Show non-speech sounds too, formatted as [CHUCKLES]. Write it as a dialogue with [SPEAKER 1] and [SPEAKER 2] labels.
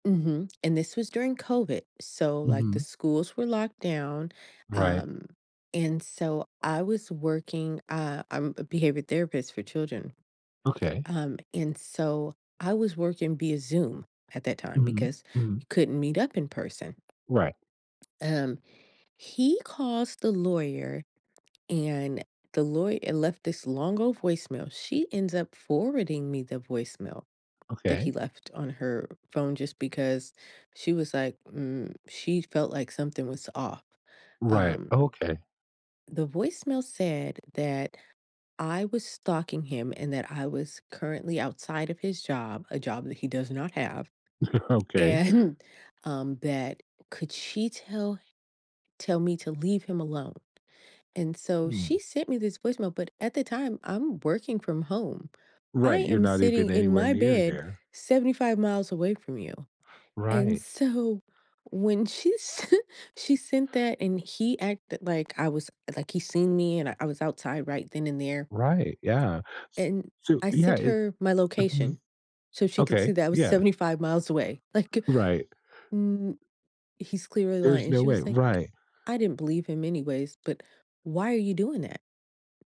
[SPEAKER 1] Mhm. And this was during COVID. So like the
[SPEAKER 2] Mhm.
[SPEAKER 1] schools were locked down.
[SPEAKER 2] Right.
[SPEAKER 1] Um, and so I was working, uh, I'm a behavior therapist for children.
[SPEAKER 2] Okay.
[SPEAKER 1] Um, and so I was working via zoom at that time
[SPEAKER 2] Mhm.
[SPEAKER 1] because
[SPEAKER 2] Mhm.
[SPEAKER 1] you couldn't meet up in person
[SPEAKER 2] Right.
[SPEAKER 1] um, he calls the lawyer and the lawy uh, left this long old voicemail. She ends up forwarding me the voicemail that
[SPEAKER 2] Okay.
[SPEAKER 1] he left on her phone just because she was like, "mm" she felt like something was off,
[SPEAKER 2] Right.
[SPEAKER 1] um
[SPEAKER 2] Okay.
[SPEAKER 1] The voicemail said that I was stalking him and that I was currently outside of his job- a job that he does not have
[SPEAKER 2] [CHUCKLES] Okay.
[SPEAKER 1] and, um, that could she tell h tell me to leave him alone? And so she
[SPEAKER 2] Mm.
[SPEAKER 1] sent me this voicemail, but at the time I'm working from home. I
[SPEAKER 2] Right. You're
[SPEAKER 1] am
[SPEAKER 2] not
[SPEAKER 1] sitting
[SPEAKER 2] even
[SPEAKER 1] in
[SPEAKER 2] anywhere
[SPEAKER 1] my
[SPEAKER 2] near
[SPEAKER 1] bed,
[SPEAKER 2] there.
[SPEAKER 1] 75 miles away from you. And
[SPEAKER 2] Right.
[SPEAKER 1] so when she sent she sent that and he acted like I was like he seen me and I was outside right then and there
[SPEAKER 2] Right. Yeah. S
[SPEAKER 1] And
[SPEAKER 2] So
[SPEAKER 1] I
[SPEAKER 2] yeah,
[SPEAKER 1] sent
[SPEAKER 2] it's
[SPEAKER 1] her my
[SPEAKER 2] Mhm.
[SPEAKER 1] location so she could see
[SPEAKER 2] Okay.
[SPEAKER 1] that I was
[SPEAKER 2] Yeah.
[SPEAKER 1] 75 miles away. Like,
[SPEAKER 2] Right.
[SPEAKER 1] mm he's clearly lying.
[SPEAKER 2] There's
[SPEAKER 1] And
[SPEAKER 2] no
[SPEAKER 1] she
[SPEAKER 2] way.
[SPEAKER 1] was like,
[SPEAKER 2] Right.
[SPEAKER 1] "I didn't believe him anyways, but why are you doing that?"